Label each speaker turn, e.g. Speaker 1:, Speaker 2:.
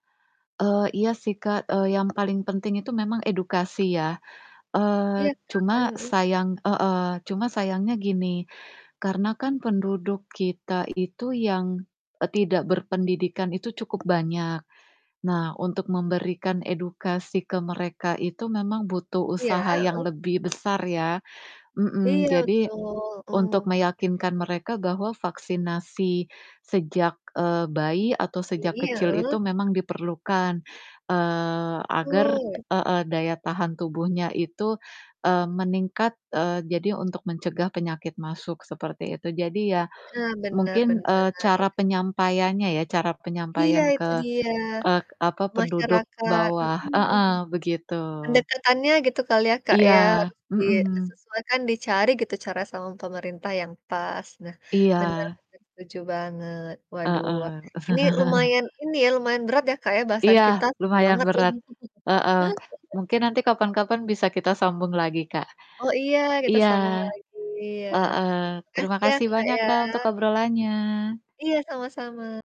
Speaker 1: Eee, iya sih, Kak, eee, yang paling penting itu memang edukasi ya,
Speaker 2: Iya
Speaker 1: eee, cuma
Speaker 2: kan? Mhm.
Speaker 1: sayang heeh, cuma sayangnya gini, karena kan penduduk kita itu yang e tidak berpendidikan itu cukup banyak. Nah, untuk memberikan edukasi ke mereka itu memang butuh
Speaker 2: Iya,
Speaker 1: usaha yang
Speaker 2: heeh.
Speaker 1: lebih besar ya, mhm.
Speaker 2: Iya
Speaker 1: Jadi,
Speaker 2: betul,
Speaker 1: untuk
Speaker 2: mhm.
Speaker 1: meyakinkan mereka bahwa vaksinasi sejak, eee, bayi atau sejak
Speaker 2: Iya,
Speaker 1: kecil itu
Speaker 2: heeh.
Speaker 1: memang diperlukan, eee, agar
Speaker 2: Betul.
Speaker 1: heeh, daya tahan tubuhnya itu, eee, meningkat, eee, jadi untuk mencegah penyakit masuk seperti itu. Jadi ya
Speaker 2: Nah bener
Speaker 1: mungkin,
Speaker 2: bener,
Speaker 1: eee, cara
Speaker 2: iya.
Speaker 1: penyampaiannya ya, cara
Speaker 2: Iya
Speaker 1: penyampaian
Speaker 2: itu
Speaker 1: ke,
Speaker 2: dia
Speaker 1: eee, apa, penduduk
Speaker 2: masyarakat
Speaker 1: bawah
Speaker 2: mhm,
Speaker 1: heeh, begitu
Speaker 2: pendekatannya gitu kali ya, Kak,
Speaker 1: Iya,
Speaker 2: ya harus di, eee,
Speaker 1: mhm.
Speaker 2: sesuaikan, dicari gitu cara sama pemerintah yang pas, nah bener
Speaker 1: Iya.
Speaker 2: bener setuju banget. Waduh
Speaker 1: Heeh.
Speaker 2: ini lumayan ini ya lumayan berat ya, Kak, ya bahasan
Speaker 1: Iya,
Speaker 2: kita seru
Speaker 1: lumayan
Speaker 2: banget ya.
Speaker 1: berat, heeh, mungkin nanti kapan-kapan bisa kita sambung lagi, Kak.
Speaker 2: Oh, iya kita
Speaker 1: Iya,
Speaker 2: sambung lagi ya,
Speaker 1: heeh,
Speaker 2: terima
Speaker 1: terima
Speaker 2: kasih ya,
Speaker 1: kasih
Speaker 2: Kak,
Speaker 1: banyak,
Speaker 2: ya.
Speaker 1: Kak, untuk obrolannya.
Speaker 2: Iya, sama-sama.